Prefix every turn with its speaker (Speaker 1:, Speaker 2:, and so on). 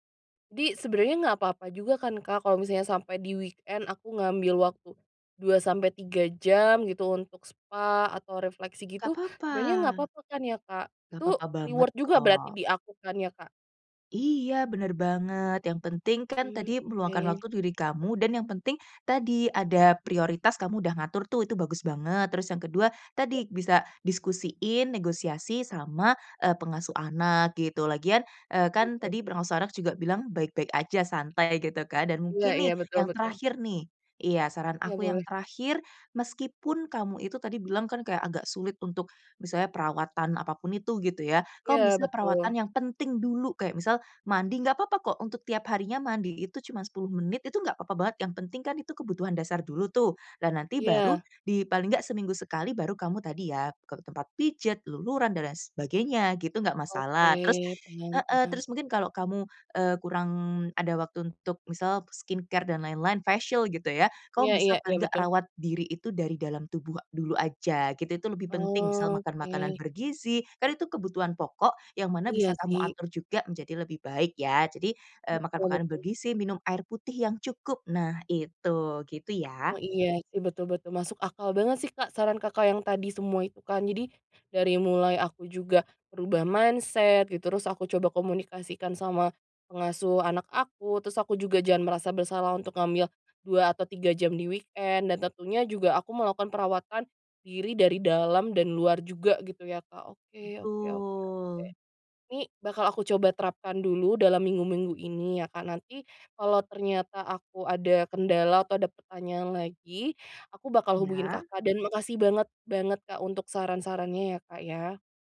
Speaker 1: Di sebenernya nggak apa-apa juga kan, Kak, kalau misalnya sampai di weekend aku ngambil waktu 2-3 jam, gitu, untuk spa atau refleksi
Speaker 2: Nggak
Speaker 1: gitu,
Speaker 2: papa.
Speaker 1: sebenernya nggak papa kan ya, Kak?
Speaker 2: Nggak
Speaker 1: Itu
Speaker 2: papa banget,
Speaker 1: reward juga
Speaker 2: kok.
Speaker 1: berarti di aku kan, ya, Kak?
Speaker 2: Iya, bener banget. Yang penting kan
Speaker 1: Mmm,
Speaker 2: tadi meluangkan
Speaker 1: oke.
Speaker 2: waktu diri kamu, dan yang penting tadi ada prioritas kamu udah ngatur tuh, itu bagus banget. Terus yang ke-2,
Speaker 1: Iya.
Speaker 2: tadi bisa diskusiin, negosiasi sama, eee, pengasuh anak, gitu. Lagian, eee, kan
Speaker 1: [unintelligible]
Speaker 2: tadi pengasuh anak juga bilang baik-baik aja, santai, gitu kan, dan
Speaker 1: Iya
Speaker 2: mungkin
Speaker 1: iya,
Speaker 2: nih,
Speaker 1: betul
Speaker 2: yang
Speaker 1: betul.
Speaker 2: terakhir, nih. Iya, saran
Speaker 1: Iya,
Speaker 2: aku yang
Speaker 1: boleh.
Speaker 2: terakhir, meskipun kamu itu tadi bilang kan, kayak agak sulit untuk misalnya perawatan apapun itu, gitu ya, kamu
Speaker 1: Iya,
Speaker 2: bisa perawatan
Speaker 1: betul.
Speaker 2: yang penting dulu, kayak misal mandi, nggak papa kok untuk tiap harinya mandi itu cuma 10 menit, itu nggak papa banget. Yang penting kan itu kebutuhan dasar dulu tuh, dan nanti baru
Speaker 1: Iya.
Speaker 2: di paling nggak seminggu sekali baru kamu tadi ya, ke tempat pijat, luluran dan lain sebagainya gitu, enggak masalah. Terus
Speaker 1: Oke, tenang
Speaker 2: heeh,
Speaker 1: tenang.
Speaker 2: terus mungkin kalau kamu, eee, kurang ada waktu untuk misal skincare dan lain-lain, facial gitu ya, kamu
Speaker 1: Iya
Speaker 2: bisa
Speaker 1: iya. Iya,
Speaker 2: paling nggak,
Speaker 1: betul.
Speaker 2: rawat diri itu dari dalam tubuh dulu, aja gitu. Itu itu lebih penting, misal makan makanan
Speaker 1: Oke.
Speaker 2: bergizi, kan itu kebutuhan pokok, yang mana bisa
Speaker 1: Iya,
Speaker 2: kamu
Speaker 1: sih.
Speaker 2: atur juga menjadi lebih baik ya. Jadi, eee, makan
Speaker 1: Betul
Speaker 2: makanan
Speaker 1: betul.
Speaker 2: bergizi, minum air putih yang cukup, nah itu. Gitu,
Speaker 1: Oh,
Speaker 2: ya.
Speaker 1: iya, sih. Betul betul. Masuk akal banget sih, Kak, saran Kakak yang tadi semua itu kan. Jadi, dari mulai aku juga merubah mindset gitu, terus aku coba komunikasikan sama pengasuh anak aku, terus aku juga jangan merasa bersalah untuk ngambil 2 atau 3 jam di weekend, dan tentunya juga aku melakukan perawatan diri dari dalam dan luar juga gitu ya, Kak. Oke oke oke oke.
Speaker 2: Betul.
Speaker 1: Nih, bakal aku coba terapkan dulu dalam minggu-minggu ini ya, Kak. Nanti kalo ternyata aku ada kendala atau ada pertanyaan lagi, aku bakal hubungin
Speaker 2: Iya.
Speaker 1: Kakak dan makasih banget, banget, Kak, untuk saran-sarannya ya, Kak, ya.